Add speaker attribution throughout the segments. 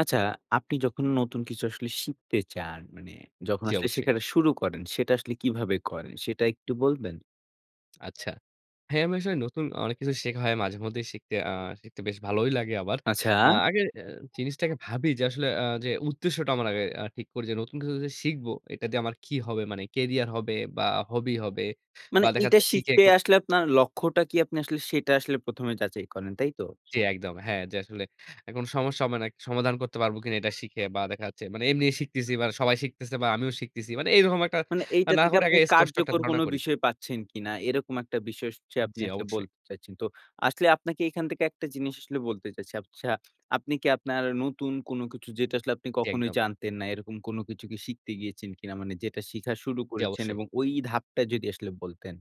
Speaker 1: আচ্ছা, আপনি যখন নতুন কিছু আসলে শিখতে চান, মানে যখন
Speaker 2: জ্বি,
Speaker 1: আসলে
Speaker 2: অবশ্যই।
Speaker 1: শেখাটা শুরু করেন, সেটা আসলে কিভাবে করেন? সেটা একটু বলবেন?
Speaker 2: আচ্ছা। হ্যাঁ, আমি আসলে নতুন অনেক কিছু শেখা হয়। মাঝেমধ্যেই শিখতে আ শিখতে বেশ ভালোই লাগে আমার। আ
Speaker 1: আচ্ছা।
Speaker 2: আগে এ জিনিসটাকে ভাবি যে, আসলে আ যে, উদ্দেশ্যটা আমার আগে আ ঠিক করি যে, নতুন কিছু যে, শিখব, এটা দিয়ে আমার কি হবে? মানে কেরিয়ার হবে বা, হবি হবে।
Speaker 1: মানে
Speaker 2: বা, দেখা
Speaker 1: এইটা
Speaker 2: যাচ্ছে শিখে
Speaker 1: শিখতে
Speaker 2: এখন
Speaker 1: আসলে আপনার লক্ষ্যটা কি? আপনি আসলে সেটা আসলে ১ম এ যাচাই করেন, তাই তো?
Speaker 2: জ্বি, একদম। হ্যাঁ, যে, আসলে এখন সমস্যা মানে সমাধান করতে পারবো কিনা এটা শিখে? বা, দেখা যাচ্ছে মানে এমনি শিখতেছি বা, সবাই শিখতেছে বা, আমিও শিখতেছি। মানে এরকম একটা
Speaker 1: মানে এইটা
Speaker 2: না
Speaker 1: থেকে
Speaker 2: করে, আগে
Speaker 1: আপনি
Speaker 2: আ স্পষ্ট একটা
Speaker 1: কার্যকর
Speaker 2: ধারণা
Speaker 1: কোন
Speaker 2: করি।
Speaker 1: বিষয় পাচ্ছেন কিনা? এরকম একটা বিষয় হচ্ছে আপনি
Speaker 2: জ্বি,
Speaker 1: আসলে
Speaker 2: অবশ্যই।
Speaker 1: বলতে চাইছেন। তো আসলে আপনাকে এখান থেকে একটা জিনিস আসলে বলতে চাইছি। আচ্ছা, আপনি কি আপনার নতুন কোন কিছু যেটা আসলে আপনি
Speaker 2: জ্বি,
Speaker 1: কখনোই
Speaker 2: একদম।
Speaker 1: জানতেন না, এরকম কোন কিছু শিখতে গিয়েছেন কিনা? মানে যেটা শিখা শুরু
Speaker 2: জ্বি,
Speaker 1: করেছেন
Speaker 2: অবশ্যই।
Speaker 1: এবং ওই ধাপটা যদি আসলে বলতেন।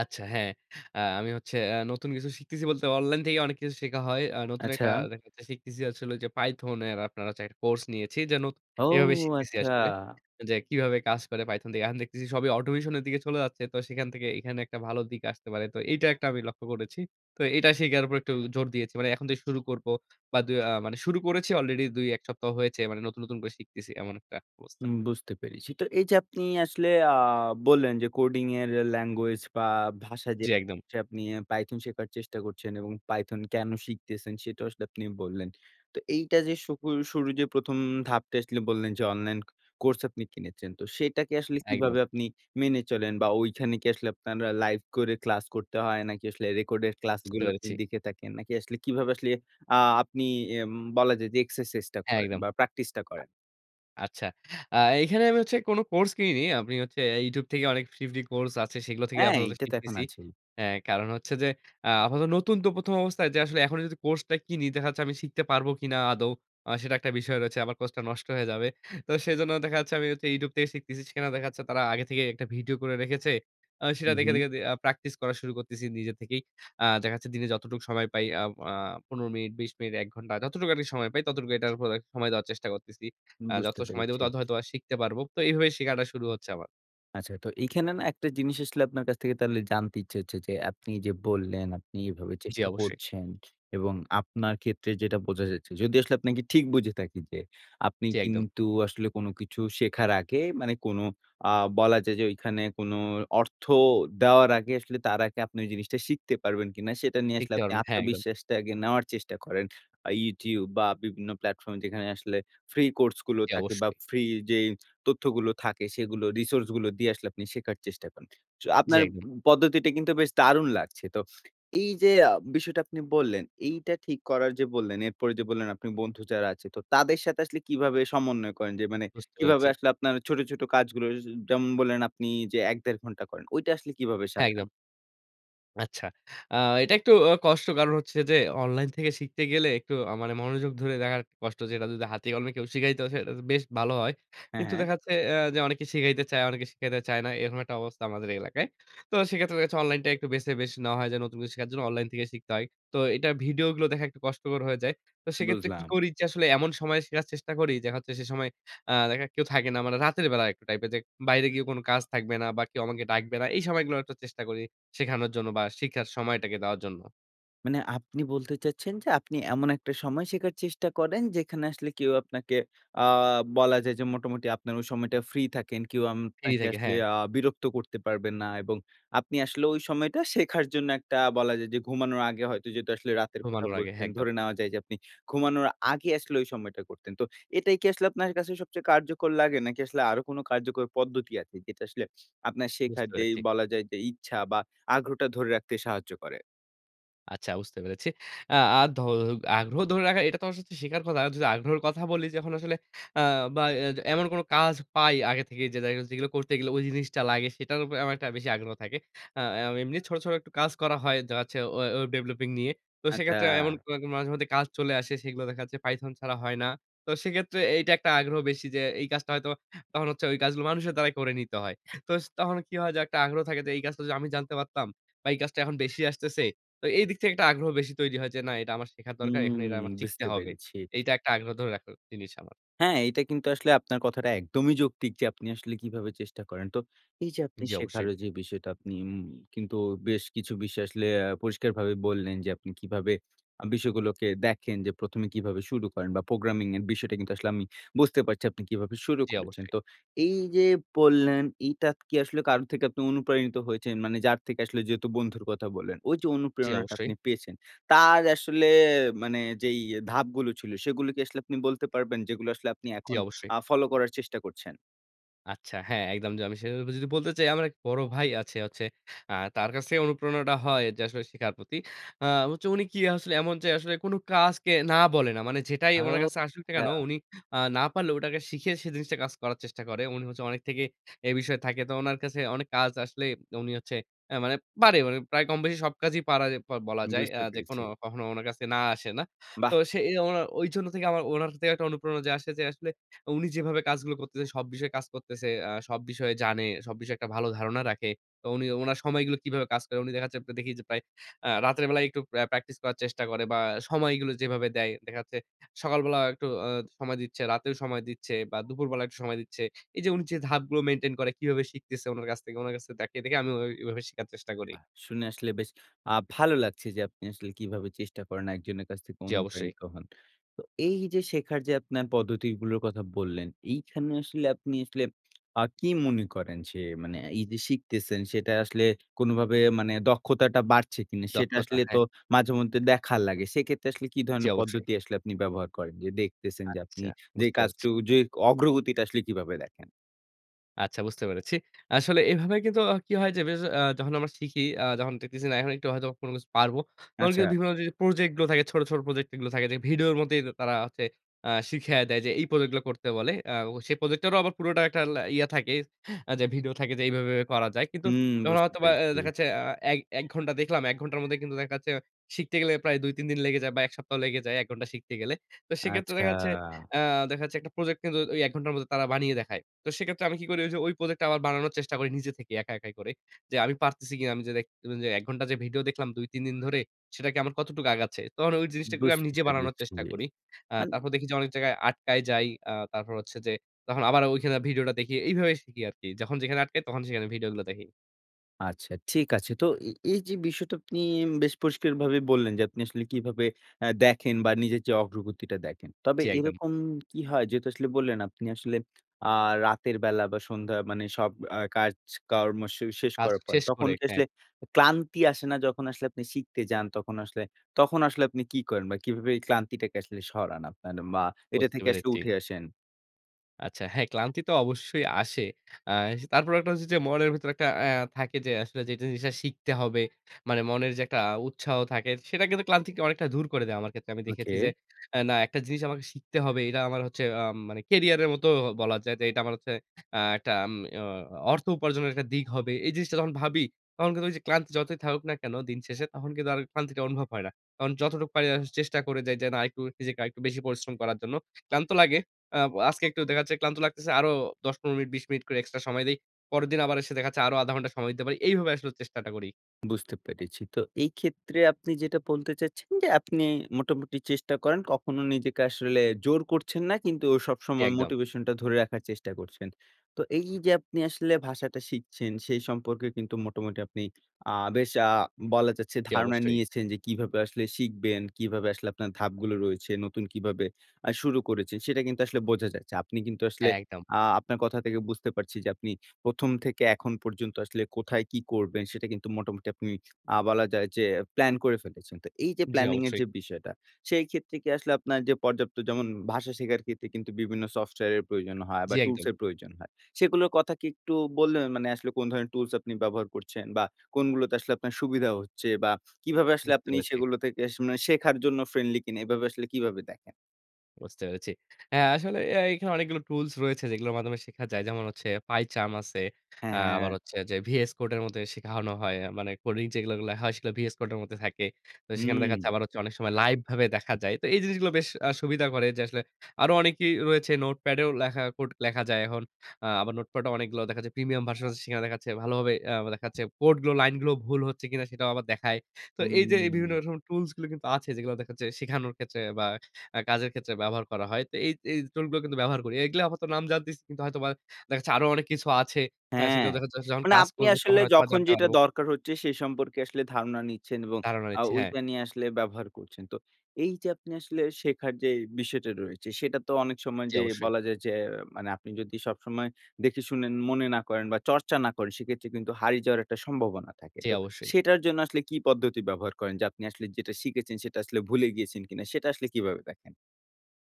Speaker 2: আচ্ছা, হ্যাঁ। আ আমি হচ্ছে আ নতুন কিছু শিখতেছি বলতে অনলাইন থেকে অনেক কিছু শেখা হয়। আ নতুন
Speaker 1: আচ্ছা।
Speaker 2: একটা দেখা যাচ্ছে শিখতেছি হচ্ছে হলো যে, python এর আপনারা হচ্ছে একটা কোর্স নিয়েছি। যে, নতু
Speaker 1: ও,
Speaker 2: এভাবে শিখতেছি
Speaker 1: আচ্ছা।
Speaker 2: আসলে। যে, কিভাবে কাজ করে python দিয়ে। এখন দেখতেছি সবই automation এর দিকে চলে যাচ্ছে। তো সেখান থেকে এইখানে একটা ভালো দিক আসতে পারে। তো এইটা একটা আমি লক্ষ্য করেছি। তো এইটা শিখার উপরে একটু জোর দিয়েছি। মানে এখন থেকে শুরু করবো বা, দু আ মানে শুরু করেছি অলরেডি ২, ১ সপ্তাহ হয়েছে। মানে নতুন, নতুন করে শিখতেছি। এমন একটা অবস্থা।
Speaker 1: উম বুঝতে পেরেছি। তো এইযে আপনি আসলে আ বললেন যে, coding এর এ ল্যাঙ্গুয়েজ বা, ভাষা
Speaker 2: জ্বি,
Speaker 1: যেটা
Speaker 2: একদম।
Speaker 1: হচ্ছে আপনি এ python শেখার চেষ্টা করছেন এবং python কেন শিখতেছেন? সেটা আসলে আপনি বললেন। তো এইটা যে, শুহু শুরু যে, ১ম ধাপটা আসলে বললেন যে, অনলাইন কোর্স আপনি কিনেছেন। তো সেটাকে আসলে
Speaker 2: একদম।
Speaker 1: কিভাবে আপনি মেনে চলেন? বা ঐখানে কি আসলে আপনার আ লাইভ করে ক্লাস করতে হয়? নাকি আসলে রেকর্ডের
Speaker 2: বুঝতে
Speaker 1: ক্লাসগুলো আপনি
Speaker 2: পেরেছি।
Speaker 1: দেখে থাকেন? নাকি আসলে কিভাবে আসলে আ আপনি এম বলা যায় যে, এক্সারসাইজটা করেন?
Speaker 2: একদম।
Speaker 1: বা প্র্যাকটিসটা করেন?
Speaker 2: আচ্ছা। আ এইখানে আমি হচ্ছে কোন কোর্স কিনি, নি। আমি হচ্ছে YouTube থেকে অনেক ফ্রী, ফ্রী কোর্স আছে। সেগুলো থেকেই
Speaker 1: হ্যাঁ,
Speaker 2: আপাতত
Speaker 1: এইটা তো এখন
Speaker 2: শিখতেছি।
Speaker 1: আছেই।
Speaker 2: এ কারণ হচ্ছে যে, আ আপাতত নতুন তো ১ম অবস্থায়, যে, আসলে এখনই যদি কোর্সটা কিনি, দেখা যাচ্ছে আমি শিখতে পারবো কিনা আদৌ? আ সেটা একটা বিষয় রয়েছে। আমার কোর্সটা নষ্ট হয়ে যাবে। তো সেজন্য দেখা যাচ্ছে আমি হচ্ছে YouTube থেকে শিখতেছি। সেখানে দেখা যাচ্ছে তারা আগে থেকে একটা ভিডিও করে রেখেছে। আ সেটা দেখে,
Speaker 1: উহুম।
Speaker 2: দেখে আ প্র্যাকটিস করা শুরু করতেছি নিজে থেকেই। আ দেখা যাচ্ছে দিনে যতটুকু সময় পাই আব আ ১৫ মিনিট, ২০ মিনিট, ১ ঘন্টা। যতটুকু আমি সময় পাই, ততটুকু এটার উপরে সময় দেওয়ার চেষ্টা করতেছি। আ যত
Speaker 1: বুঝতে
Speaker 2: সময় দেব,
Speaker 1: পেরেছি।
Speaker 2: তত হয়তোবা শিখতে পারবো। তো এইভাবে শেখাটা শুরু হচ্ছে আমার।
Speaker 1: আচ্ছা। তো এইখানে না, আমি একটা জিনিস আসলে আপনার কাছ থেকে তাহলে জানতে ইচ্ছে হচ্ছে যে, আপনি যে বললেন, আপনি এভাবে
Speaker 2: জ্বি,
Speaker 1: চেষ্টা
Speaker 2: অবশ্যই।
Speaker 1: করছেন। এবং আপনার ক্ষেত্রে যেটা বোঝা যাচ্ছে যদি আসলে আপনাকে ঠিক বুঝে থাকি। যে আপনি
Speaker 2: জ্বি, একদম।
Speaker 1: কিন্তু আসলে কোন কিছু শেখার আগে মানে কোন আ বলা যায় যে, ওইখানে কোনো অর্থ দেওয়ার আগে আসলে তার আগে আপনি ঐ জিনিসটা শিখতে পারবেন কিনা, সেটা নিয়ে আসলে
Speaker 2: শিখতে
Speaker 1: আপনি
Speaker 2: পারবেন। হ্যাঁ, একদম।
Speaker 1: আত্মবিশ্বাসটা আগে নেওয়ার চেষ্টা করেন। আ YouTube বা, বিভিন্ন প্ল্যাটফর্ম যেখানে আসলে ফ্রি কোর্সগুলো
Speaker 2: জ্বি,
Speaker 1: থাকে। বা,
Speaker 2: অবশ্যই।
Speaker 1: ফ্রি যেই তথ্যগুলো থাকে, সেগুলো রিসোর্সগুলো দিয়ে আসলে আপনি শেখার চেষ্টা করেন। ছ
Speaker 2: জ্বি,
Speaker 1: আপনার
Speaker 2: একদম।
Speaker 1: পদ্ধতিটা কিন্তু বেশ দারুণ লাগছে। তো এইযে আ বিষয়টা আপনি বললেন, এইটা ঠিক করার যে বললেন, এরপরে যে বললেন আপনের বন্ধু যারা আছে, তো তাদের সাথে আসলে কীভাবে সমন্বয় করেন। যে মানে
Speaker 2: বুঝতে
Speaker 1: কিভাবে
Speaker 2: পেরেছি।
Speaker 1: আসলে আপনারা ছোট, ছোট কাজগুলো সো যেমন বললেন আপনি যে ১, ১/২ ঘন্টা করেন। ঐটা আসলে কীভাবে
Speaker 2: হ্যাঁ,
Speaker 1: সাজান?
Speaker 2: একদম। আচ্ছা। আ এটা একটু অ কষ্ট। কারণ হচ্ছে যে, অনলাইন থেকে শিখতে গেলে একটু আ মানে মনোযোগ ধরে রাখার কষ্ট যে এটা যদি হাতে-কলমে কেউ শিখাইত, সেটা বেশ ভালো হয়।
Speaker 1: হ্যাঁ,
Speaker 2: কিন্তু
Speaker 1: হ্যাঁ।
Speaker 2: দেখা যাচ্ছে যে, এ যে অনেকে শিখাইতে চায়, অনেকে শিখাইতে চায় না। এরকম একটা অবস্থা আমাদের এলাকায়। তো সেক্ষেত্রে দেখা গেছে অনলাইনটা একটু বেছে বেশ নেওয়া হয়, যেন নতুন কিছু শেখার জন্য, অনলাইন থেকে শিখতে হয়। তো এটার ভিডিওগুলো দেখা একটু কষ্টকর হয়ে যায়। তো সেক্ষেত্রে কি
Speaker 1: বুঝলাম।
Speaker 2: করি যে আসলে এমন সময় শেখার চেষ্টা করি যে, দেখা যাচ্ছে সে সময় আ দেখার কেউ থাকে না। মানে রাতের বেলা একটা টাইপে যে বাইরে গিয়েও কোন কাজ থাকবে না। বা, কেউ আমাকে ডাকবে না। এই সময়গুলো একটু চেষ্টা করি শেখানোর জন্য বা, শিখার সময়টাকে দেওয়ার জন্য।
Speaker 1: মানে আপনি বলতে চাচ্ছেন যে, আপনি এমন একটা সময় শেখার চেষ্টা করেন যেখানে আসলে কেউ আপনাকে আ বলা যায় যে মোটামুটি আপনার ওই সময়টা ফ্রি থাকেন। কেউ আম
Speaker 2: ফ্রি
Speaker 1: আপনাকে
Speaker 2: থাকি,
Speaker 1: আসলে
Speaker 2: হ্যাঁ।
Speaker 1: আ বিরক্ত করতে পারবে না এবং আপনি আসলে ঐ সময়টা শেখার জন্য একটা বলা যায় যে ঘুমানোর আগে হয়তো যেটা আসলে রাতের কথা
Speaker 2: ঘুমানোর আগে। হ্যাঁ
Speaker 1: বলছেন,
Speaker 2: একদম।
Speaker 1: ধরে নেওয়া যায় যে আপনি ঘুমানোর আগে আসলে ওই সময়টা করতেন। তো এটাই কি আসলে আপনার কাছে সবচেয়ে কার্যকর লাগে? নাকি আসলে আরো কোন কার্যকর পদ্ধতি আছে যেটা আসলে আপনার শেখার
Speaker 2: বুঝতে
Speaker 1: যেই
Speaker 2: পেরেছি।
Speaker 1: বলা যায় যে ইচ্ছা বা আগ্রহটা ধরে রাখতে সাহায্য করে?
Speaker 2: আচ্ছা বুঝতে পেরেছি। আ আ ধ আগ্রহ ধরে রাখার এটা তো আমার সাথে শিখার কথা। যদি আগ্রহের কথা বলি যখন আসলে অ্যা বা এজ এমন কোন কাজ পাই আগে থেকেই যে দেখা যাচ্ছে যেগুলো করতে গেলে ওই জিনিসটা লাগে সেটার উপরে আমার একটা বেশি আগ্রহ থাকে। আ অ্যা এমনি ছোট, ছোট একটু কাজ করা হয় যা হচ্ছে ওয়ে ওয়েব ডেভেলপিং নিয়ে। তো
Speaker 1: আচ্ছা।
Speaker 2: সেইক্ষেত্রে এমন কোনো এরকম মাঝে মধ্যে কাজ চলে আসে সেগুলো দেখা যাচ্ছে python ছাড়া হয় না। তো সেইক্ষেত্রে এইটা একটা আগ্রহ বেশি যে এই কাজটা হয়তোবা তখন হচ্ছে ওই কাজগুলো মানুষের দ্বারাই করে নিতে হয়। তো স তখন কি হয় যে একটা আগ্রহ থাকে যে এই কাজটা যদি আমি জানতে পারতাম বা এই কাজটা এখন বেশি আসতেছে। তো এইদিক থেকে একটা আগ্রহ বেশি তৈরি হয় যে না এটা আমার শেখার দরকার, এখানে এটা
Speaker 1: হুম
Speaker 2: আমার শিখতে
Speaker 1: বুঝতে
Speaker 2: হবে।
Speaker 1: পেরেছি।
Speaker 2: এইটা একটা আগ্রহ ধরে রাখার জিনিস আমার।
Speaker 1: হ্যাঁ, এইটা কিন্তু আসলে আপনার কথাটা একদমই যৌক্তিক যে আপনি আসলে কীভাবে চেষ্টা করেন। তো এই যে আপনি
Speaker 2: জি,
Speaker 1: শেখার
Speaker 2: অবশ্যই।
Speaker 1: ওই যে বিষয়টা আপনি উম কিন্তু বেশ কিছু বিষয় আসলে অ্যা পরিষ্কারভাবেই বললেন যে আপনি কীভাবে আ বিষয়গুলোকে দেখেন যে ১মে কীভাবে শুরু করেন বা প্রোগ্রামিং এর বিষয়টা কিন্তু আসলে আমি বুঝতে পারছি আপনি কিভাবে শুরু
Speaker 2: জি,
Speaker 1: করেছেন।
Speaker 2: অবশ্যই।
Speaker 1: তো এই যে বললেন এইটা কি আসলে কারো থেকে আপনি অনুপ্রাণিত হয়েছেন? মানে যার থেকে আসলে যেহেতু বন্ধুর কথা বললেন, ওইযে
Speaker 2: জি,
Speaker 1: অনুপ্রেরণাটা
Speaker 2: অবশ্যই।
Speaker 1: আপনি পেয়েছেন, তার আসলে মানে যেই ধাপগুলো ছিল সেগুলো কি আসলে আপনি বলতে পারবেন? যেগুলো আসলে আপনি
Speaker 2: জি,
Speaker 1: এখন
Speaker 2: অবশ্যই।
Speaker 1: আ ফলো করার চেষ্টা করছেন?
Speaker 2: আচ্ছা, হ্যাঁ, একদম। যে, আমি সে ব্যাপারে যদি বলতে চাই, আমার এক বড় ভাই আছে হচ্ছে আ তার কাছ থেকে অনুপ্রেরণাটা হয় যে, আসলে শেখার প্রতি। আ হচ্ছে উনি কি আসলে এমন যে, আসলে কোন কাজকে না বলে না। মানে যেটাই উনার
Speaker 1: ওউ,
Speaker 2: কাছে আসুক না কেন,
Speaker 1: আচ্ছা।
Speaker 2: উনি আ না পারলে ওটাকে শিখে সে জিনিসটা কাজ করার চেষ্টা করে। উনি হচ্ছে অনেক থেকে এ বিষয়ে থাকে। তো উনার কাছে অনেক কাজ আসলে তো উনি হচ্ছে এ মানে পারে প্রায় কম বেশি সব কাজই পারে ব বলা যায়। আ
Speaker 1: বুঝতে
Speaker 2: যেকোনো
Speaker 1: পেরেছি।
Speaker 2: কখনো উনার কাছে না আসে না। তো
Speaker 1: বাহ!
Speaker 2: সেজন্য ঐজন্য থেকে আমার ওনার একটা অনুপ্রেরণা আসে যে, আসলে উনি যেভাবে কাজগুলো করতেছে, সব বিষয়ে কাজ করতেছে, আ সব বিষয়ে জানে, সব বিষয়ে একটা ভালো ধারণা রাখে। তো উনি উনার সময়গুলো কিভাবে কাজ করে? উনি দেখা যাচ্ছে দেখি যে, প্রায় আ রাতের বেলায় একটু প্র্যা প্র্যাকটিস করার চেষ্টা করে বা, আ সময়গুলো যেভাবে দেয়। দেখা যাচ্ছে সকালবেলা একটু আ সময় দিচ্ছে, রাতেও সময় দিচ্ছে বা, দুপুরবেলা একটু সময় দিচ্ছে। এইযে উনি যে, ধাপগুলো মেইনটেইন করে কিভাবে শিখতেছে উনার কাছ থেকে? উনার কাছে থেকে দেখিয়ে, দেখিয়ে আমিও অ এভাবে শিখার চেষ্টা করি।
Speaker 1: বাহ! শুনে আসলে বেশ আ ভালো লাগছে যে, আপনি আসলে কিভাবে চেষ্টা করেন একজনের কাছ থেকে
Speaker 2: জ্বি, অবশ্যই।
Speaker 1: অনুপ্রাণিত হন। তো এইযে শেখার যে, আপনার পদ্ধতিগুলোর কথা বললেন, এইখানে আসলে আপনি আসলে আ কি মনে করেন? যে, মানে এইযে শিখতেছেন, সেটা আসলে কোনভাবে মানে দক্ষতাটা বাড়ছে কিনা? সেটা
Speaker 2: দক্ষতা।
Speaker 1: আসলে
Speaker 2: হ্যাঁ।
Speaker 1: তো মাঝেমধ্যে দেখা লাগে। সেক্ষেত্রে আসলে কী
Speaker 2: জ্বি,
Speaker 1: ধরনের
Speaker 2: অবশ্যই।
Speaker 1: পদ্ধতি আসলে আপনি ব্যবহার করেন? যে, দেখতেছেন যে, আপনি
Speaker 2: আচ্ছা।
Speaker 1: যে,
Speaker 2: বুঝতে পারছি।
Speaker 1: কাজটুকু যে, অগ্রগতিটা আসলে কীভাবে দেখেন?
Speaker 2: আচ্ছা বুঝতে পেরেছি। আসলে এভাবে কিন্তু হ কি হয়? যে, বেশ আ যখন আমরা শিখি আ যখন দেখতেছি না, "এখন হয়তো কোন কিছু পারবো।" তখন কিন্তু
Speaker 1: আচ্ছা।
Speaker 2: বিভিন্ন যে, প্রজেক্ট গুলো থাকে, ছোট, ছোট প্রজেক্ট যে, গুলো থাকে যে, ভিডিওর মধ্যেই তো তারা হচ্ছে আ শিখায়ে দেয় যে, এই প্রজেক্ট গুলো করতে বলে। আ সেই প্রজেক্টেরও আবার পুরোটা একটা লা ইয়ে থাকে যে, ভিডিও থাকে যে, "এইভাবে, এইভাবে করা যায়।" কিন্তু
Speaker 1: হুম,
Speaker 2: যখন
Speaker 1: বুঝতে
Speaker 2: হয়তোবা অ্যা
Speaker 1: পেরেছি।
Speaker 2: দেখাচ্ছে অ্যা এক ১ ঘন্টা দেখলাম, ১ ঘন্টার মধ্যে কিন্তু দেখাচ্ছে, শিখতে গেলে প্রায় ২-৩ দিন লেগে যায় বা ১ সপ্তাহা লেগে যায়। ১ ঘন্টা শিখতে গেলে। তো সেক্ষেত্রে
Speaker 1: আচ্ছা।
Speaker 2: দেখা যাচ্ছে আ দেখা যাচ্ছে, একটা প্রজেক্ট কিন্তু ঐ ১ ঘন্টার মধ্যে তারা বানিয়ে দেখায়। তো সেক্ষেত্রে আমি কি করি? ঐযে ঐ প্রজেক্টটা আবার বানানোর চেষ্টা করি, নিজে থেকেই একা একাই করে। যে, আমি পারতেছি কিনা? "আমি যে, একটু, যে, ১ ঘন্টার যে, ভিডিও দেখলাম, ২-৩ দিন ধরে, সেটাকে আমার কতটুকু আগাচ্ছে?" তখন ওই জিনিসটাকে আমি
Speaker 1: বুঝতে
Speaker 2: নিজে বানানোর
Speaker 1: পেরেছি।
Speaker 2: চেষ্টা করি। আ
Speaker 1: মানে
Speaker 2: তারপর দেখি যে, অনেক জায়গায় আটকায় যাই। আ তারপর হচ্ছে যে, তখন আবার ঐখানে ভিডিওটা দেখি। এইভাবে শিখি আরকি। যখন যেখানে আটকাই, তখন সেখানে ভিডিওগুলা দেখি।
Speaker 1: আচ্ছা, ঠিক আছে। তো এ এই যে, বিষয়টা আপনি এম বেশ পরিষ্কারভাবে বললেন যে, আপনি আসলে কীভাবে আ দেখেন বা নিজের যে, অগ্রগতিটা দেখেন। তবে
Speaker 2: জি, একদম।
Speaker 1: এরকম কী হয়? যেহেতু আসলে বললেন, আপনি আসলে আ রাতের বেলা বা সন্ধ্যা মানে সব আ কাজকর্ম শু শেষ
Speaker 2: কাজ
Speaker 1: করার পর,
Speaker 2: শেষ
Speaker 1: তখন
Speaker 2: করে,
Speaker 1: কি
Speaker 2: হ্যাঁ।
Speaker 1: আসলে ক্লান্তি আসে না, যখন আসলে আপনি শিখতে যান? তখন আসলে, তখন আসলে আপনি কি করেন বা কিভাবে এই ক্লান্তিটাকে আসলে সরান আপনার বা এটা
Speaker 2: বুঝতে
Speaker 1: থেকে আসলে
Speaker 2: পেরেছি।
Speaker 1: উঠে আসেন?
Speaker 2: আচ্ছা হ্যাঁ, ক্লান্তি তো অবশ্যই আসে। আ তারপর একটা হচ্ছে যে, মনের ভিতরে একটা এ থাকে যে, আসলে যেটা জিনিসটা শিখতে হবে। মানে মনের যে, একটা উৎসাহ থাকে সেটা কিন্তু ক্লান্তিকে অনেকটা দূর করে দেয় আমার ক্ষেত্রে আমি দেখেছি যে,
Speaker 1: ওকে।
Speaker 2: এ না একটা জিনিস আমাকে শিখতে হবে। এটা আমার হচ্ছে উম মানে কেরিয়ারের মতো বলা যায়। যে, এটা আমার হচ্ছে আ একটা আম আ অর্থ উপার্জনের একটা দিক হবে, এই জিনিসটা যখন ভাবি তখন কিন্তু ওই যে, ক্লান্তি যতই থাকুক না কেন দিন শেষে তখন কিন্তু আর ক্লান্তিটা অনুভব হয় না। তখন যতটুকি পারি চেষ্টা করে যাই যে, না একটু নিজেকে আরেকটু বেশি পরিশ্রম করার জন্য। ক্লান্ত লাগে। আ আজকে একটু দেখাচ্ছে ক্লান্ত লাগতেছে আরো ১০ ১৫ মিনিট ২০ মিনিট করে এক্সট্রা সময় দেই। পরেরদিন আবার এসে দেখাচ্ছে আরো আধা ঘন্টা সময় দিতে পারি। এইভাবে আসলে চেষ্টাটা করি।
Speaker 1: বুঝতে পেরেছি। তো এই ক্ষেত্রে আপনি যেটা বলতে চাচ্ছেন যে, আপনি মোটামুটি চেষ্টা করেন। কখনো নিজেকে আসলে জোর করছেন না। কিন্তু
Speaker 2: জি,
Speaker 1: সবসময়
Speaker 2: একদম।
Speaker 1: মোটিভেশন টা ধরে রাখার চেষ্টা করছেন। তো এই যে, আপনি আসলে ভাষাটা শিখছেন সেই সম্পর্কে কিন্তু মোটামুটি আপনি আ বেশ আ বলা যাচ্ছে
Speaker 2: জি,
Speaker 1: ধারণা
Speaker 2: অবশ্যই।
Speaker 1: নিয়েছেন যে, কিভাবে আসলে শিখবেন? কিভাবে আসলে আপনার ধাপগুলো রয়েছে? নতুন কীভাবে আ শুরু করেছেন? সেটা কিন্তু আসলে বোঝা যাচ্ছে। আপনি কিন্তু আসলে
Speaker 2: একদম।
Speaker 1: আ আপনার কথা থেকে বুঝতে পারছি যে, আপনি ১ম থেকে এখন পর্যন্ত আসলে কোথায় কী করবেন? সেটা কিন্তু মোটামুটি আপনি আ বলা যায় যে, প্ল্যান করে ফেলেছেন। তো এই যে,
Speaker 2: জি,
Speaker 1: প্ল্যানিংয়ের
Speaker 2: অবশ্যই।
Speaker 1: যে, বিষয়টা সেই ক্ষেত্রে কি আসলে আপনার যে, পর্যাপ্ত যেমন ভাষা শেখার ক্ষেত্রে কিন্তু বিভিন্ন সফটওয়্যারের প্রয়োজন হয়
Speaker 2: জি,
Speaker 1: বা
Speaker 2: একদম।
Speaker 1: টুলসের প্রয়োজন হয় সেগুলোর কথা কি একটু বল মানে আসলে কোন ধরনের টুলস আপনি ব্যবহার করছেন? বা কোনগুলোতে আসলে আপনার সুবিধা হচ্ছে বা কীভাবে আসলে
Speaker 2: বুঝতে
Speaker 1: আপনি
Speaker 2: পেরেছি।
Speaker 1: সেগুলো থেকে আসলে মানে শেখার জন্য ফ্রেন্ডলি কিনা? এভাবে আসলে কীভাবে দেখেন?
Speaker 2: বুঝতে পেরেছি। অ্যা আসলে এ এখানে অনেকগুলো টুলস রয়েছে যেগুলোর মাধ্যমে শেখা যায়। যেমন হচ্ছে Pi Charm আছে,
Speaker 1: হ্যাঁ,
Speaker 2: আ আবার
Speaker 1: হ্যাঁ।
Speaker 2: হচ্ছে যে VS Code এর মধ্যে শেখানো হয়। আ মানে কোডিং যেগুলো গুলা হয় সেগুলো VS Code এর মধ্যে থাকে। তো সেখানে দেখা যাচ্ছে
Speaker 1: হুম।
Speaker 2: আবার হচ্ছে অনেক সময় লাইভ ভাবে দেখা যায়। তো এই জিনিসগুলো বেশ আ সুবিধা করে যে আসলে আরো অনেকেই রয়েছে নোটপ্যাডেও লেখা কোড লেখা যায় এখন। আ আবার নোটপ্যাডও অনেকগুলো দেখা যাচ্ছে প্রিমিয়াম ভার্সন আছে সেখানে দেখা যাচ্ছে ভালোভাবে অ্যা দেখা যাচ্ছে কোড গুলো লাইন গুলো ভুল হচ্ছে কিনা সেটাও আবার দেখায়। তো এই যে এ
Speaker 1: হুম।
Speaker 2: বিভিন্ন রকম টুলস গুলো কিন্তু আছে যেগুলো দেখা যাচ্ছে শেখানোর ক্ষেত্রে বা অ্যা কাজের ক্ষেত্রে ব্যবহার করা হয়। তো এই এই টুলগুলো কিন্তু ব্যবহার করি। এগুলা আপাতত নাম জানতেছি কিন্তু হয়তো দেখা যাচ্ছে আরো অনেক কিছু আছে। অ্যা
Speaker 1: হ্যাঁ।
Speaker 2: সেগুলো দেখা যাচ্ছে যখন
Speaker 1: মানে
Speaker 2: কাজ
Speaker 1: আপনি
Speaker 2: করব তখন
Speaker 1: আসলে
Speaker 2: হয়তোবা
Speaker 1: যখন
Speaker 2: জানতে
Speaker 1: যেটা
Speaker 2: পারব।
Speaker 1: দরকার হচ্ছে সে সম্পর্কে আসলে ধারণা নিচ্ছেন এবং
Speaker 2: ধারণা
Speaker 1: আ
Speaker 2: হয়েছে, হ্যাঁ।
Speaker 1: ঐটা নিয়ে আসলে ব্যবহার করছেন। তো এই যে আপনি আসলে শেখার যেই বিষয়টা রয়েছে সেটা তো অনেক সময়
Speaker 2: জি
Speaker 1: যে
Speaker 2: অবশ্যই।
Speaker 1: বলা যায় যে মানে আপনি যদি সবসময় দেখে শুনেন, মনে না করেন বা চর্চা না করেন সেক্ষেত্রে কিন্তু হারিয়ে যাওয়ার একটা সম্ভাবনা থাকে।
Speaker 2: জি
Speaker 1: তো
Speaker 2: অবশ্যই।
Speaker 1: সেটার জন্য আসলে কী পদ্ধতি ব্যবহার করেন? যে আপনি আসলে যেটা শিখেছেন সেটা আসলে ভুলে গিয়েছেন কিনা? সেটা আসলে কীভাবে দেখেন?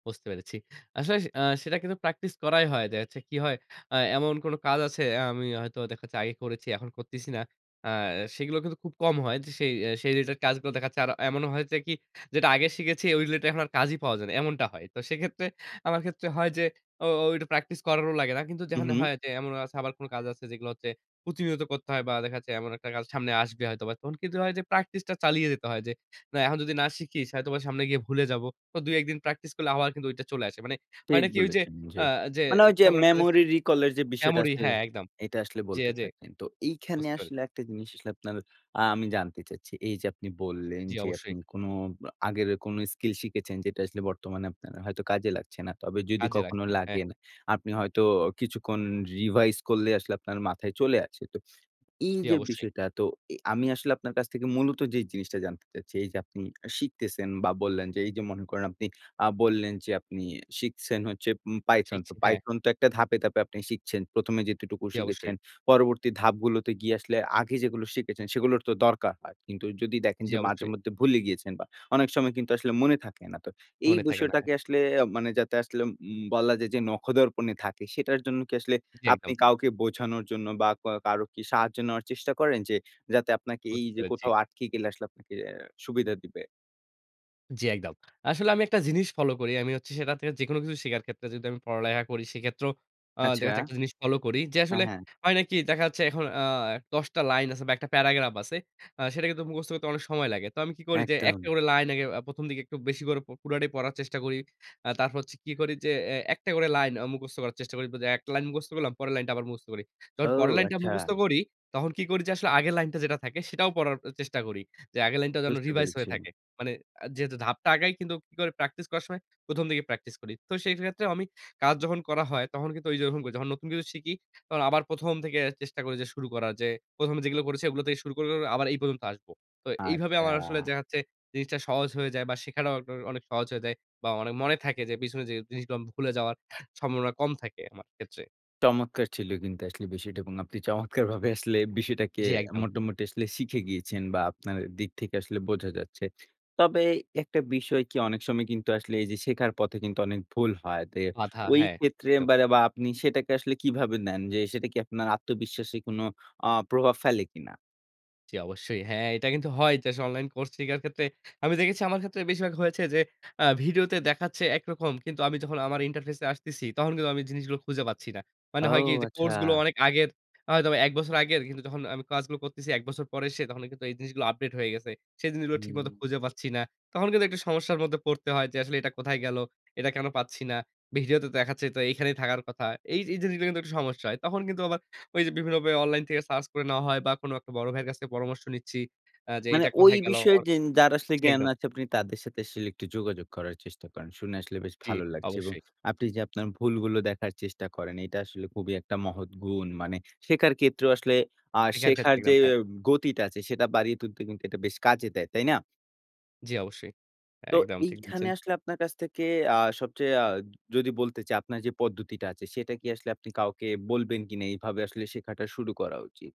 Speaker 2: বুঝতে পেরেছি। আসলে আ সেটা কিন্তু প্র্যাকটিস করাই হয়। দেখা যাচ্ছে কি হয়? অ্যা এমন কোন কাজ আছে আ আমি হয়তো দেখা যাচ্ছে আগে করেছি এখন করতিছি না। অ্যা সেগুলো কিন্তু খুব কম হয়। যে সেই সেই রিলেটেড কাজগুলো দেখা যাচ্ছে আর এমন হয়েছে কি যেটা আগে শিখেছি ওই রিলেটেড এখন আর কাজই পাওয়া যায় না, এমনটা হয়। তো সেক্ষেত্রে আমার ক্ষেত্রে হয় যে ও ওটা প্র্যাকটিস করারও লাগে না। কিন্তু
Speaker 1: হুম,
Speaker 2: যেখানে
Speaker 1: হুম।
Speaker 2: হয় যে এমনও আছে আবার কোন কাজ আছে যেগুলো হচ্ছে প্রতিনিয়ত করতে হয় বা দেখা যাচ্ছে এমন একটা কাজ সামনে আসবে হয়তোবা। তখন কিন্তু হয় যে প্র্যাকটিস টা চালিয়ে যেতে হয়। যে না এখন যদি না শিখি হয়তো সামনে গিয়ে ভুলে যাব। তো ২-১ দিন প্র্যাকটিস করলে আবার কিন্তু ঐটা চলে আসে। মানে
Speaker 1: ঠিক
Speaker 2: হয়না কি? ওই যে
Speaker 1: বলেছেন,
Speaker 2: অ
Speaker 1: জি।
Speaker 2: যে
Speaker 1: মানে ওই যে
Speaker 2: কেমন একটা যে
Speaker 1: memory recall এর যে বিষয়টা
Speaker 2: এমনই
Speaker 1: আছে,
Speaker 2: হ্যাঁ একদম।
Speaker 1: এটা আসলে
Speaker 2: জি,
Speaker 1: বলতে
Speaker 2: আ জি।
Speaker 1: চাইছেন। তো এইখানে
Speaker 2: বুঝতে পেরেছি।
Speaker 1: আসলে একটা জিনিস আসলে আপনার আ আমি জানতে চাচ্ছি। এই যে আপনি বললেন
Speaker 2: জি
Speaker 1: যে
Speaker 2: অবশ্যই।
Speaker 1: আপনি কোন আ আগের কোনো স্কিল শিখেছেন যেটা আসলে বর্তমানে আপনার হয়তো কাজে লাগছে না। তবে যদি
Speaker 2: কাজে
Speaker 1: কখনো
Speaker 2: লাগছে না। হ্যাঁ।
Speaker 1: লাগেন আপনি হয়তো কিছুক্ষণ রিভাইজ করলেই আসলে আপনার মাথায় চলে আসে। তো এই
Speaker 2: জি
Speaker 1: যে
Speaker 2: অবশ্যই।
Speaker 1: বিষয়টা তো এ আমি আসলে আপনার কাছ থেকে মূলত যে জিনিসটা জানতে চাচ্ছি, এইযে আপনি শিখতেছেন বা বললেন যে এই যে মনে করেন আপনি আ বললেন যে আপনি শিখছেন হচ্ছে উম Python।
Speaker 2: ঠিক
Speaker 1: তো
Speaker 2: ঠিক হ্যাঁ।
Speaker 1: Python তো একটা ধাপে, ধাপে আপনি শিখছেন। ১ম এ যতটুকু
Speaker 2: জি অবশ্যই।
Speaker 1: শিখেছেন, পরবর্তী ধাপগুলোতে গিয়ে আসলে আগে যেগুলো শিখেছেন সেগুলোর তো দরকার হয়। কিন্তু যদি দেখেন
Speaker 2: জি
Speaker 1: যে মাঝে
Speaker 2: অবশ্যই।
Speaker 1: মধ্যে ভুলে গিয়েছেন বা অনেক সময় কিন্তু আসলে মনে থাকে না। তো এই
Speaker 2: মনে থাকে না হ্যাঁ।
Speaker 1: বিষয়টাকে আসলে আ মানে যাতে আসলে উম বলা যায় যে নখদর্পণে থাকে সেটার জন্য কি আসলে
Speaker 2: জি
Speaker 1: আপনি
Speaker 2: একদম।
Speaker 1: কাউকে বোঝানোর জন্য বা ক কারো কি সাহায্য নেওয়ার চেষ্টা করেন? যে যাতে আপনাকে এই
Speaker 2: বুঝতে
Speaker 1: যে
Speaker 2: পেরেছি।
Speaker 1: কোথাও আটকে গেলে আসলে আপনাকে সুবিধা দিবে?
Speaker 2: জী, একদম। আসলে আমি একটা জিনিস ফলো করি। আমি হচ্ছে সেটা থেকে যেকোনো কিছু শিকার ক্ষেত্রে যদি আমি পড়ালেখা করি সেক্ষেত্রেও আ দেখা
Speaker 1: আচ্ছা।
Speaker 2: যাচ্ছে একটা জিনিস ফলো করি। যে
Speaker 1: হ্যাঁ,
Speaker 2: আসলে
Speaker 1: হ্যাঁ।
Speaker 2: হয় নাকি দেখা যাচ্ছে এখন আ ১০ টা লাইন আছে বা একটা প্যারাগ্রাফ আছে। আ সেটা কিন্তু মুখস্থ করতে অনেক সময় লাগে। তো আমি কি করি যে একটা
Speaker 1: একদম।
Speaker 2: করে লাইন আগে আ ১ম দিকে একটু বেশি করে পুরটাই পড়ার চেষ্টা করি। আ তারপর হচ্ছে কি করি যে এ একটা করে লাইন আ মুখস্থ করার চেষ্টা করি। একটা লাইন মুখস্থ করলাম পরের লাইনটা আবার মুখস্থ করি। তখন
Speaker 1: ও
Speaker 2: পরের লাইনটা
Speaker 1: আচ্ছা।
Speaker 2: মুখস্থ করি তখন কি করি যে আসলে আগের লাইন যেটা থাকে সেটাও পড়ার চেষ্টা করি। যে আগের লাইনটা যেন
Speaker 1: বুঝতে
Speaker 2: রিভাইজ হয়ে
Speaker 1: পেরেছি।
Speaker 2: থাকে। মানে আ যেহেতু ধাপটা আগাই কিন্তু কি করে প্র্যাকটিস করার সময় ১ম দিকে প্র্যাকটিস করি। তো সেক্ষেত্রেও আমি কাজ যখন করা হয় তখন কিন্তু ওই যেরকম করি। যখন নতুন কিছু শিখি তখন আবার ১ম থেকে চেষ্টা করি যে শুরু করার যে ১ম এ যেগুলো করেছি এগুলো থেকে শুরু করে আবার এই পর্যন্ত আসব। তো এইভাবে আমার আসলে
Speaker 1: আচ্ছা।
Speaker 2: দেখা যাচ্ছে জিনিসটা সহজ হয়ে যায় বা শেখাটাও অনেক সহজ হয়ে যায় বা অনেক মনে থাকে যে পিছনে যে জিনিসগুলো ভুলে যাওয়ার সম্ভাবনা কম থাকে আমার ক্ষেত্রে।
Speaker 1: চমৎকার ছিল কিন্তু আসলে বিষয়টা এবং আপনি চমৎকারভাবে আসলে বিষয়টাকে
Speaker 2: জী, একদম।
Speaker 1: মোটামুটি আসলে শিখে গিয়েছেন বা আপনার দিক থেকে আসলে বোঝা যাচ্ছে। তবে একটা বিষয় কি অনেক সময় কিন্তু আসলে এই যে শেখার পথে কিন্তু অনেক ভুল হয় যে
Speaker 2: বাধা,
Speaker 1: ওই
Speaker 2: হ্যাঁ,
Speaker 1: ক্ষেত্রে
Speaker 2: একদম।
Speaker 1: যে বা আপনি সেটাকে আসলে কিভাবে নেন যে সেটা কি আপনার আত্মবিশ্বাসে কোন আ প্রভাব ফেলে কিনা?
Speaker 2: জ্বী, অবশ্যই। হ্যাঁ, এটা কিন্তু হয় যে, আসলে অনলাইন কোর্স শিখার ক্ষেত্রে আমি দেখেছি আমার ক্ষেত্রে বেশিরভাগ হয়েছে যে, আ ভিডিওতে দেখাচ্ছে একরকম। কিন্তু আমি যখন আমার interface এ আসতেসি, তখন কিন্তু আমি জিনিসগুলো খুঁজে পাচ্ছি না। মানে
Speaker 1: ও,
Speaker 2: হয় কি? যে,
Speaker 1: আচ্ছা।
Speaker 2: কোর্সগুলো অনেক আগের আ হয়তোবা এক বছর আগের, কিন্তু যখন আমি কাজগুলো করতেসি ১ বছর পরে এসে, তখন কিন্তু এই জিনিসগুলো আপডেট হয়ে গেসে। সে জিনিসগুলো ঠিকমত
Speaker 1: হুম।
Speaker 2: খুঁজে পাচ্ছি না। তখন কিন্তু একটা সমস্যার মধ্যে পড়তে হয় যে, আসলে এটা কোথায় গেলো, এটা কেন পাচ্ছি না? ভিডিওতে দেখাচ্ছে, তো এখানেই থাকার কথা। এই এই জিনিসগুলো কিন্তু একটু সমস্যা হয়। তখন কিন্তু আবার ওইযে বিভিন্নভাবে বে অনলাইন থেকে সার্চ করে নেওয়া হয় বা, কোনো একটা বড় ভাইয়ের কাছ থেকে পরামর্শ নিচ্ছি, আ যে,
Speaker 1: মানে
Speaker 2: এইটা
Speaker 1: ওই
Speaker 2: কোথায় গেলো?
Speaker 1: বিষয়ে
Speaker 2: অন
Speaker 1: যেন যারা আসলে
Speaker 2: জ্বী,
Speaker 1: জ্ঞান
Speaker 2: একদম।
Speaker 1: আছে, তাদের সাথে আসলে একটু যোগাযোগ করার চেষ্টা করেন। শুনে আসলে বেশ
Speaker 2: জ্বী,
Speaker 1: ভালো লাগছে এবং
Speaker 2: অবশ্যই।
Speaker 1: আপনি যে, আপনার ভুলগুলো দেখার চেষ্টা করেন, এটা আসলে খুবই একটা মহৎ গুণ। মানে শেখার ক্ষেত্রেও আসলে আ
Speaker 2: [unintelligible]
Speaker 1: শেখার যে,
Speaker 2: খাচ্ছিলাম। হ্যাঁ।
Speaker 1: উ গতিটা আছে, সেটা বাড়িয়ে তুলতে কিন্তু এটা বেশ কাজে দেয়। তাই না?
Speaker 2: জ্বী, অবশ্যই।
Speaker 1: তো
Speaker 2: একদম ঠিক
Speaker 1: এইখানে
Speaker 2: বলছেন।
Speaker 1: আসলে আপনার কাছ থেকে আ সবচেয়ে আ যদি বলতে চাই, আপনার যে, পদ্ধতিটা আছে, সেটা কি আসলে আপনি কাউকে বলবেন কিনা? এভাবে আসলে শেখাটা শুরু করা উচিত।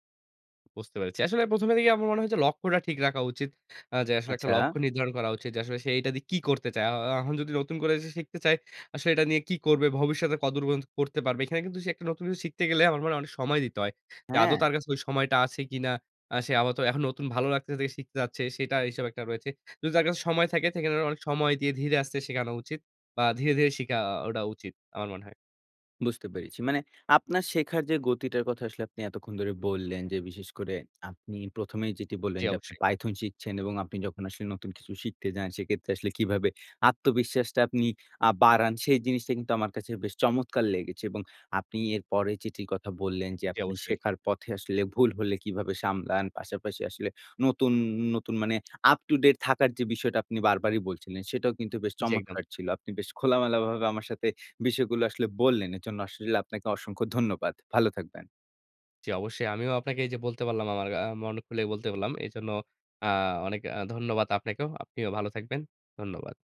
Speaker 2: বুঝতে পেরেছি। আসলে ১ম এ দেখেই আমার মনে হচ্ছে লক্ষ্যটা ঠিক রাখা উচিত। আ যে, আসলে একটা
Speaker 1: আচ্ছা।
Speaker 2: লক্ষ্য নির্ধারণ করা উচিত। যে, আসলে সে এইটা দিয়ে কী করতে চায়? আ আ এখন যদি নতুন করে সে শিখতে চায়, আসলে এটা নিয়ে কি করবে ভবিষ্যতে? কত দূর পর্যন্ত করতে পারবে? এখানে কিন্তু সে একটা নতুন কিছু শিখতে গেলে আমার মনে হয় অনেক সময় দিতে হয়। যে, আদৌ
Speaker 1: হ্যাঁ।
Speaker 2: তার কাছে ওই সময়টা আছে কিনা? আ সে আপাতত এখন নতুন ভালো লাগতেসে দেখে শিখতে যাচ্ছে, সেটা হিসাব একটা রয়েছে। যদি তার কাছে সময় থাকে থাকে, সেখানে অনেক সময় দিয়ে ধীরে আস্তে শেখানো উচিত বা, ধীরে, ধীরে শিখা আ ওটা উচিত, আমার মনে হয়।
Speaker 1: বুঝতে পেরেছি। মানে আপনার শেখার যে, গতিটার কথা আসলে আপনি এতক্ষণ ধরে বললেন যে, বিশেষ করে আপনি ১ম এই যেটা বললেন
Speaker 2: জ্বী,
Speaker 1: যে, আপনি
Speaker 2: অবশ্যই।
Speaker 1: python শিখছেন এবং আপনি যখন আসলে নতুন কিছু শিখতে যান, সেক্ষেত্রে আসলে কিভাবে আত্মবিশ্বাসটা আপনি আ বাড়ান, সেই জিনিসটা কিন্তু আমার কাছে বেশ চমৎকার লেগেছে এবং আপনি এরপরে চিঠির কথা বললেন যে,
Speaker 2: জ্বী,
Speaker 1: আপনি
Speaker 2: অবশ্যই।
Speaker 1: শেখার পথে আসলে ভুল হলে কীভাবে সামলান। পাশাপাশি আসলে নতুন, নতুন আ মানে up to date থাকার যে, বিষয়টা আপনি বারবারই বলছিলেন, সেটাও কিন্তু বেশ
Speaker 2: জ্বী, একদম।
Speaker 1: চমৎকার ছিল। আপনি বেশ খোলামেলাভাবে আমার সাথে বিষয়গুলো আসলে বললেন। এজন্য আসলে আপনাকে অসংখ্য ধন্যবাদ। ভালো থাকবেন।
Speaker 2: জ্বী, অবশ্যই। আমিও আপনাকে এইযে বলতে পারলাম আমার আ মন খুলে বলতে পারলাম। এজন্য আ অনেক আ ধন্যবাদ আপনাকেও। আপনিও ভালো থাকবেন। ধন্যবাদ।